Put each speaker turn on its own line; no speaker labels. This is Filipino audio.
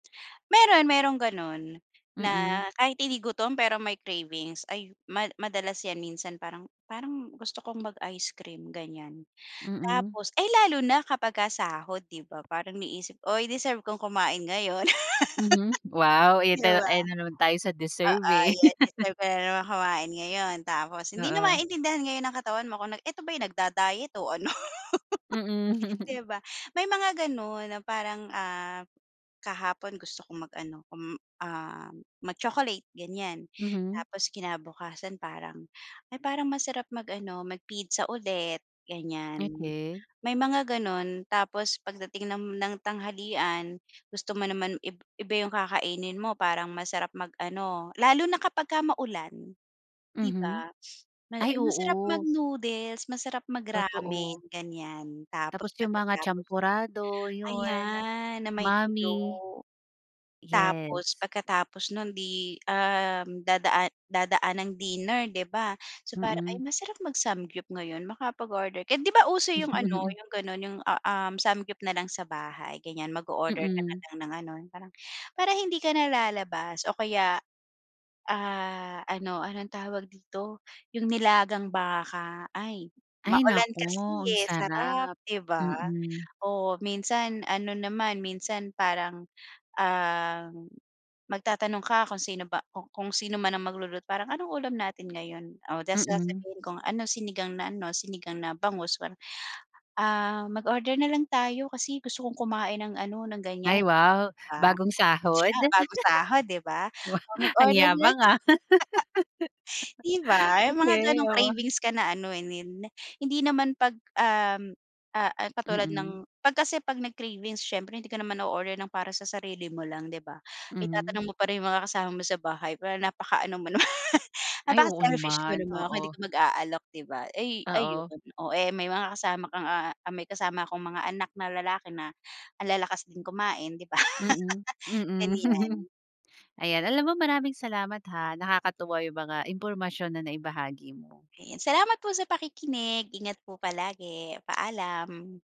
Meron, meron gano'n, na
Mm.
kahit hindi gutom pero may cravings, ayu ma madalas ‘yan minsan. Parang parang gusto kong mag-ice cream ganiyan.
Mm.
Tapos ay, lalo na kapagka sahod ‘di ba parang inisip, “Uy, deserve kong kumain ngayon.”
Mhm. Wow, ayan
‘Di
tayo
ba.
ayan na naman tayo sa deserve
Oo,
eh.
‘yan deserved ko nanaman kumain ngayon tapos hindi na
Oo.
maintindihan ngayon ng katawan mo kung na ito ba yung nagda-diet o ano.
Mm.
‘Di ba, may mga gano’n na parang, ah, kahapon gusto kong mag ano kung, ah, mag-chocolate ganiyan
Mhm.
tapos kinabukasan parang, “Ay parang masarap mag-ano, mag-pizza ulit.” Ganiyan,
Okey.
may mga gano’n, tapos pagdating ng ng tanghalian gusto mo naman ib iba yung kakainin mo. Parang masarap mag-ano, lalo na kapagka maulan, ‘di
Mhm.
ba. May
Ay,
ay, masarap
oo.
mag-noodles masarap mag-ramen
Totoo.
ganiyan. Tapos
Tapos yung mga
pagkatapos no’n,
champorado, yun,
ayan na may tuyo.
mami. Yes.
Tapos pagkatapos nun, ‘di, um, dadaa dadaan ang dinner ‘di ba, so parang, “Ay
Mm.
masarap mag-samgyup ngayon makapag-order kaya.” ‘Di ba uso yung ano,
Mhm.
yung ganun, yung, u um, samgyup nalang sa bahay. Ganiyan, mag-o-order ka
Mm.
nalang ng ano, parang para hindi ka nalalabas o kaya, ah, ano anong tawag dito. Yung nilagang baka, ay
Ay,
maulan
naku
kasi
ang
eh, sarap
sarap.
'di ba.
Mm.
Oo, minsan ano naman, minsan parang, um, magtatanong ka kung sino ba ku kung sino man ang magluluto. Parang anong ulam natin ngayon o ta’s
Mm.
sasabihin kung ano, sinigang na ano, sinigang na bangus, ganun. “Ah, mag-order na lang tayo kasi gusto kong kumain ng ano, ng ganiyan.”
Ay
‘Di
wow,
ba.
bagong sahod.
Sosyal, bagong sahod ‘di ba,
Wow, ang
mag-order
yabang
next.
ah.
‘Di ba yung mga
Okey,
ganong
oo.
cravings ka na ano eh, hindi naman ‘pag, um, ah, ah, katulad
Mm.
ng ‘pag kasi ‘pag nag-cravings siyempre hindi ko naman na-order ng para sa sarili mo lang ‘di ba.
Mhm.
Itatanong mo pa rin yung mga kasama mo sa bahay parang napakaano mo naman
Ay, oo
napaka-selfish mo
naman.
naman kung hindi
Oo.
ka mag-aalok ‘di ba. Ay
Oo.
ayun, oh eh may mga kasama kang, ah, may kasama akong mga anak na lalaki na ang lalakas din kumain ‘di ba..
Mm, mm.
Ganiyan.
Ayan, alam mo maraming salamat ha nakakatuwa yung mga impormasyon na naibahagi mo.
Ayan, salamat po sa pakikinig. Ingat po palagi, paalam.